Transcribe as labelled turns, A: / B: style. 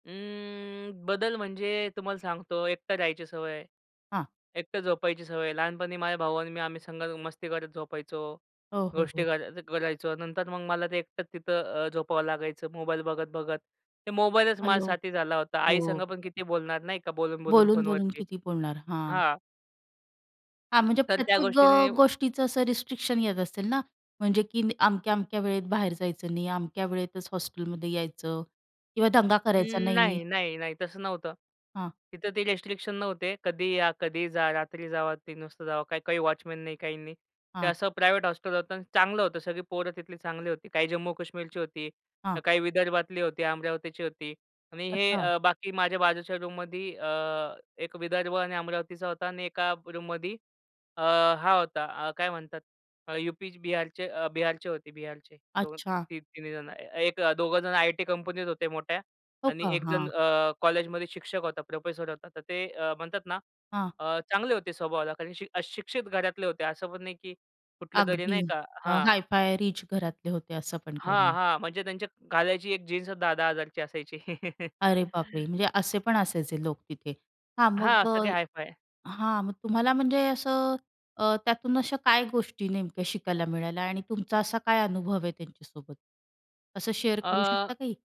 A: अं, बदल म्हणजे तुम्हाला सांगतो एकटा राहायची सवय आहे.
B: हां.
A: एकटं झोपायची सवय आहे. लहानपणी माझा भाऊ आणि मी आम्ही संघ मस्ती करत झोपायचो.
B: हो, हो,
A: गोष्टी
B: हो.
A: कराय करायचो. नंतर मग मला ते एकटंच तिथं अ, झोपावं लागायचं मोबाईल बघत-बघत. ते मोबाईलच माझा
B: हेल्लो,
A: साथी झाला होता. आईसंग
B: हो.
A: पण किती बोलणार नाही का बोलून-बोलून
B: बोलून-बोलून
A: फोनवरती?
B: किती बोलणार? हां.
A: हां.
B: हां, म्हणजे
A: तर त्या
B: प्रत्येक अ,
A: गोष्टीने
B: गोष्टीचं असं रिस्ट्रिक्शन येत असेल ना म्हणजे की अमक्या-अमक्या वेळेत बाहेर जायचं नाही. अमक्या वेळेतच हॉस्टेलमध्ये यायचं किंवा दंगा करायचा
A: अं,
B: नाही.
A: नाही, नाही, नाही, तसं नव्हतं.
B: हां.
A: तिथं ते रिस्ट्रिक्शन नव्हते. कधीही या, कधीही जा, रात्री जावा, 3:00 वाजता जावा, काही, काही वॉचमन नाही, काही नाही. ते
B: हां.
A: असं प्रायव्हेट हॉस्टल होतं अन् चांगलं होतं, सगळी पोरं तिथली चांगली होती. काही जम्मू-कश्मीरची होती. अ,
B: हां.
A: काही विदर्भातली होती, अमरावतीची होती. आणि हे
B: अच्छा.
A: अ, बाकी माझ्या बाजूच्या रूममध्ये अ, एक विदर्भ आणि अमरावतीचा होता आणि एका रूममध्ये अ, हा होता अ, काय म्हणतात अ, यूपी-बिहारचे अ, बिहारचे होते, बिहारचे. 2
B: अच्छा.
A: ती 3 जणं. ए एक अ, दोघं जणं आयटी कंपनीत होते मोठ्या
B: हो
A: आणि
B: का?
A: एक जण
B: हां.
A: अ, कॉलेजमध्ये शिक्षक होता, प्रोफेसर होता, तर ते अ, म्हणतात ना
B: हां.
A: अ, चांगले होते स्वभावाला कारण शि अ, शिक्षित घरातले होते, असं पण नाही की कुठलं तरी,
B: अगदी
A: नाही का
B: अ,
A: हां.
B: हाय-फाय रिच घरातले होते? असं पण काही
A: हां,
B: नाही.
A: हां, म्हणजे त्यांच्या घालायची एक जीन्सच 10,000-10,000ची असायची.
B: अरे बापरे! म्हणजे असे पण असायचे लोक तिथे हां,
A: हां,
B: मग अ
A: सगळे हाय-फाय.
B: हां, मग तुम्हाला म्हणजे असं अ, त्यातून अशा काय गोष्टी नेमक्या शिकायला मिळाल्या आणि तुमचा असा काय अनुभव आहे त्यांच्यासोबत? असं शेअर करू शकता
A: अ
B: काही?